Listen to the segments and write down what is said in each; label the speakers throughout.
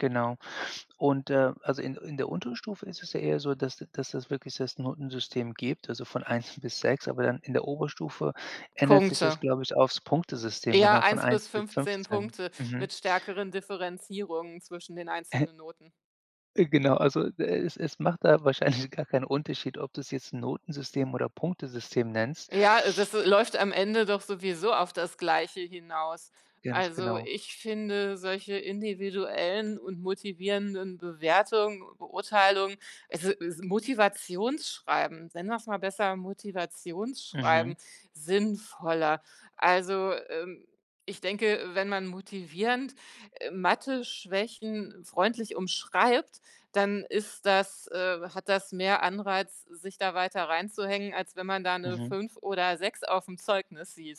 Speaker 1: Genau, und, äh also, in in der Unterstufe ist es ja eher so, dass d dass das wirklich das Notensystem gibt, also von 1 bis 6, aber dann in der Oberstufe ändert sich das,
Speaker 2: Punkte.
Speaker 1: glaube ich, aufs Punktesystem,
Speaker 2: Eher
Speaker 1: genau, von
Speaker 2: 1
Speaker 1: 1
Speaker 2: bis
Speaker 1: bis
Speaker 2: 15
Speaker 1: 15,
Speaker 2: Punkte
Speaker 1: mhm.
Speaker 2: mit stärkeren Differenzierungen zwischen den einzelnen Noten.
Speaker 1: Äh, genau also, äh, es es macht da wahrscheinlich gar keinen Unterschied, ob du es jetzt 'n Notensystem oder Punktesystem nennst.
Speaker 2: Ja, äh, das läuft am Ende doch sowieso auf das Gleiche hinaus.
Speaker 1: Ganz
Speaker 2: Also,
Speaker 1: genau.
Speaker 2: ich finde solche i ndividuellen und motivierenden Bewertungen, Beurteilungen, also das Motivationsschreiben, nennen wir's mal besser
Speaker 1: Mhm.
Speaker 2: Motivationsschreiben, sinnvoller. Also, ähm, ich denke, äh, wenn man motivierend, äh, Matheschwächen freundlich umschreibt, dann ist das, äh hat das mehr Anreiz, sich da weiter reinzuhängen, als wenn man da 'ne
Speaker 1: Mhm.
Speaker 2: 5 oder 6 aufm Zeugnis sieht.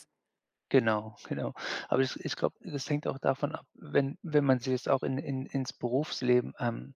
Speaker 1: Genau, genau. Aber ich ich glaube, das hängt auch davon ab, wenn wenn man sich das auch in in ins Berufsleben, ähm,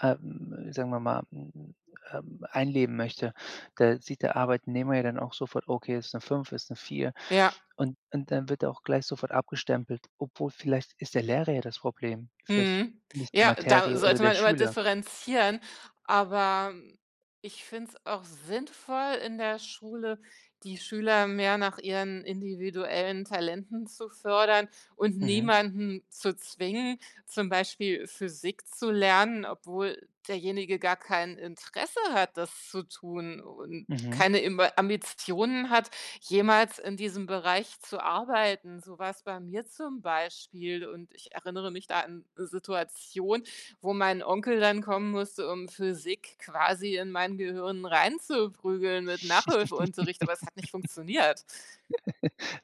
Speaker 1: ähm, sagen wir mal, mhm, ähm, einleben möchte, da sieht der Arbeitnehmer ja dann auch sofort: „Okay, ist 'ne 5, ist 'ne 4,“,
Speaker 2: Ja.
Speaker 1: und und dann wird auch gleich sofort abgestempelt, obwohl vielleicht ist der Lehrer ja das Problem, vielleicht
Speaker 2: Mhm.
Speaker 1: nicht die
Speaker 2: Ja, da
Speaker 1: Materie oder
Speaker 2: sollte
Speaker 1: der
Speaker 2: man immer
Speaker 1: Schüler.
Speaker 2: differenzieren, aber, hm, ich finde es auch sinnvoll, in der Schule, die Schüler mehr nach ihren individuellen Talenten zu fördern und
Speaker 1: Mhm.
Speaker 2: niemanden zu zwingen, zum Beispiel Physik zu lernen, obwohl derjenige gar kein Interesse hat, das zu tun, und
Speaker 1: Mhm.
Speaker 2: keine Imba Ambitionen hat, jemals in diesem Bereich zu arbeiten. So war's bei mir zum Beispiel, und ich erinnere mich da an 'ne Situation, wo mein Onkel dann kommen musste, um Physik quasi in mein Gehirn reinzuprügeln mit Nachhilfeunterricht, aber es hat nicht funktioniert.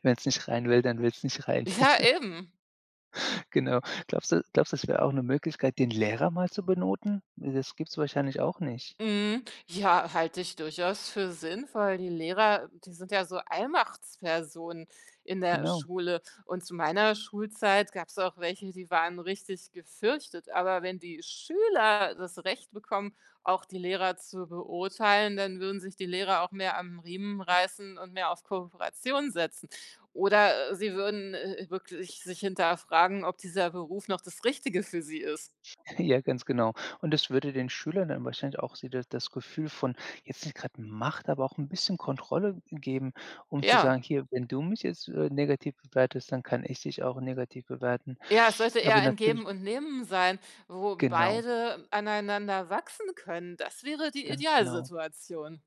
Speaker 1: Wenn's nicht rein will, dann will's nicht rein.
Speaker 2: Ja, eben.
Speaker 1: Genau. Glaubst du glaubst du, es wäre auch 'ne Möglichkeit, den Lehrer mal zu benoten? Ne, das gibt's wahrscheinlich auch nicht.
Speaker 2: Mhm, ja, halte ich durchaus für sinnvoll. Die Lehrer, die sind ja so Allmachtspersonen in der
Speaker 1: Genau.
Speaker 2: Schule, und zu meiner Schulzeit gab's auch welche, die waren richtig gefürchtet, aber wenn die Schüler das Recht bekommen, auch die Lehrer zu beurteilen, dann würden sich die Lehrer auch mehr am Riemen reißen und mehr auf Kooperation setzen. Oder, äh, sie würden, äh äh, wirklich sich hinterfragen, ob dieser Beruf noch das Richtige für sie ist.
Speaker 1: Ja, ganz genau. Und das würde den Schülern dann wahrscheinlich auch so das das Gefühl von jetzt nicht gerade Macht, aber auch 'n bisschen Kontrolle, äh, geben, um zu
Speaker 2: Ja.
Speaker 1: sagen: „Hier, wenn du mich jetzt, äh, negativ bewertest, dann kann ich dich auch negativ bewerten.“
Speaker 2: Ja, es sollte eher
Speaker 1: Aber
Speaker 2: ein
Speaker 1: natürlich
Speaker 2: Geben und Nehmen sein, wo
Speaker 1: Genau.
Speaker 2: beide aneinander wachsen können. Das wäre die
Speaker 1: Ganz genau.
Speaker 2: Idealsituation.